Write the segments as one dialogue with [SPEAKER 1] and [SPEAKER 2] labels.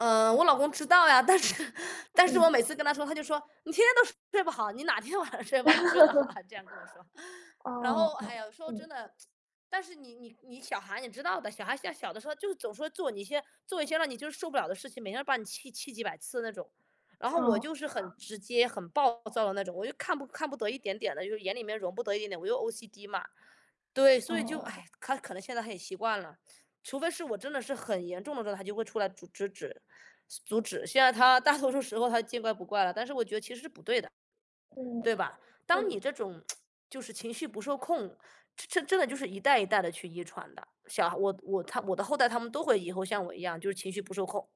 [SPEAKER 1] 呃，我老公知道呀，但是但是我
[SPEAKER 2] 嗯。
[SPEAKER 1] 每次跟他说，他就说：“你天天都睡不好，你哪天晚上睡不好睡得好啊？”这样跟我说。然后，
[SPEAKER 2] 哦，
[SPEAKER 1] 哎
[SPEAKER 2] 哦，
[SPEAKER 1] 呀，说
[SPEAKER 2] 嗯。
[SPEAKER 1] 真的 但是你你你小孩你知道的，小孩现在小的时候就是总说做你一些做一些让你就是受不了的事情，每天都把你气气几百次的那种。然后我
[SPEAKER 2] 哦。
[SPEAKER 1] 就是很直接、很暴躁的那种，我就看不看不得一点点的就是眼里面容不得一点点，我又 OCD 嘛对，所以就
[SPEAKER 2] 哦。
[SPEAKER 1] 唉，他可能现在他也习惯了，除非是我真的是很严重的时候，他就会出来阻制止阻止。现在他大多数时候他见怪不怪了，但是我觉得其实是不对的，
[SPEAKER 2] 嗯，
[SPEAKER 1] 对吧？当你
[SPEAKER 2] 嗯。
[SPEAKER 1] 这种 就是情绪不受控，这真的就是一代一代地去遗传的。小孩我我他我的后代他们都会以后像我一样，就是情绪不受控。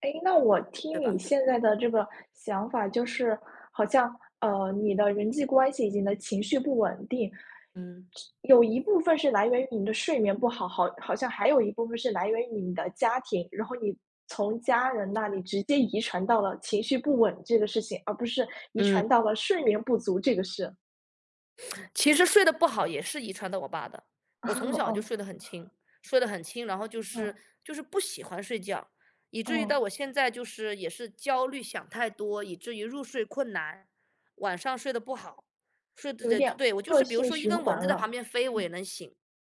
[SPEAKER 2] 哎，那我听
[SPEAKER 1] 对
[SPEAKER 2] 你
[SPEAKER 1] 吧？
[SPEAKER 2] 现在的这个想法，就是，好像，呃，你的人际关系以及你的情绪不稳定，是
[SPEAKER 1] 嗯。
[SPEAKER 2] 有一部分是来源于你的睡眠不好，好好像还有一部分是来源于你的家庭。然后你从家人那里直接遗传到了情绪不稳这个事情，而不是遗
[SPEAKER 1] 嗯。
[SPEAKER 2] 传到了睡眠不足这个事？
[SPEAKER 1] 其实睡得不好也是遗传到我爸的，我从 小就
[SPEAKER 2] 哦。
[SPEAKER 1] 睡得很轻。睡得很轻，然后就是，
[SPEAKER 2] 哦。
[SPEAKER 1] 就是不喜欢睡觉。以至于到
[SPEAKER 2] 哦。
[SPEAKER 1] 我现在就是也是焦虑想太多，以至于入睡困难。晚上睡得不好，睡得
[SPEAKER 2] 有
[SPEAKER 1] 得
[SPEAKER 2] 点
[SPEAKER 1] 对，我就
[SPEAKER 2] 恶
[SPEAKER 1] 是比如
[SPEAKER 2] 性
[SPEAKER 1] 说一
[SPEAKER 2] 循
[SPEAKER 1] 根蚊
[SPEAKER 2] 环
[SPEAKER 1] 子在旁
[SPEAKER 2] 了。
[SPEAKER 1] 边飞，我也
[SPEAKER 2] 嗯。
[SPEAKER 1] 能醒，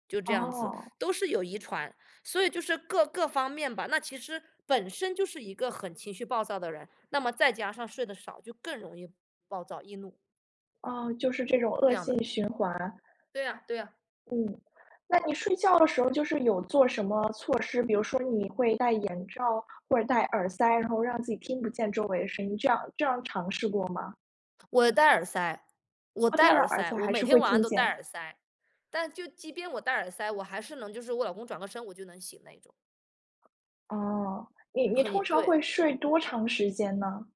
[SPEAKER 1] 就这样子，
[SPEAKER 2] 哦。
[SPEAKER 1] 都是有遗传。所以就是各各方面吧。那其实本身就是一个很情绪暴躁的人，那么再加上睡得少，就更容易暴躁、易怒。
[SPEAKER 2] 哦，就是这种恶
[SPEAKER 1] 这样的。
[SPEAKER 2] 性循环。
[SPEAKER 1] 对呀，对呀。
[SPEAKER 2] 嗯。那你睡觉的时候就是有做什么措施，比如说你会戴眼罩、或者戴耳塞，然后让自己听不见周围的声音，这样这样尝试过吗？
[SPEAKER 1] 我戴耳塞，我
[SPEAKER 2] 哦，
[SPEAKER 1] 戴
[SPEAKER 2] 戴了
[SPEAKER 1] 耳
[SPEAKER 2] 耳
[SPEAKER 1] 塞，
[SPEAKER 2] 塞
[SPEAKER 1] 我
[SPEAKER 2] 还
[SPEAKER 1] 每
[SPEAKER 2] 是
[SPEAKER 1] 天
[SPEAKER 2] 会
[SPEAKER 1] 晚上
[SPEAKER 2] 听
[SPEAKER 1] 都戴
[SPEAKER 2] 见？
[SPEAKER 1] 耳塞，但就即便我戴耳塞，我还是能就是我老公转个身我就能醒那一种。
[SPEAKER 2] 哦，你你
[SPEAKER 1] 很
[SPEAKER 2] 通
[SPEAKER 1] 也
[SPEAKER 2] 常
[SPEAKER 1] 对。
[SPEAKER 2] 会睡多长时间呢？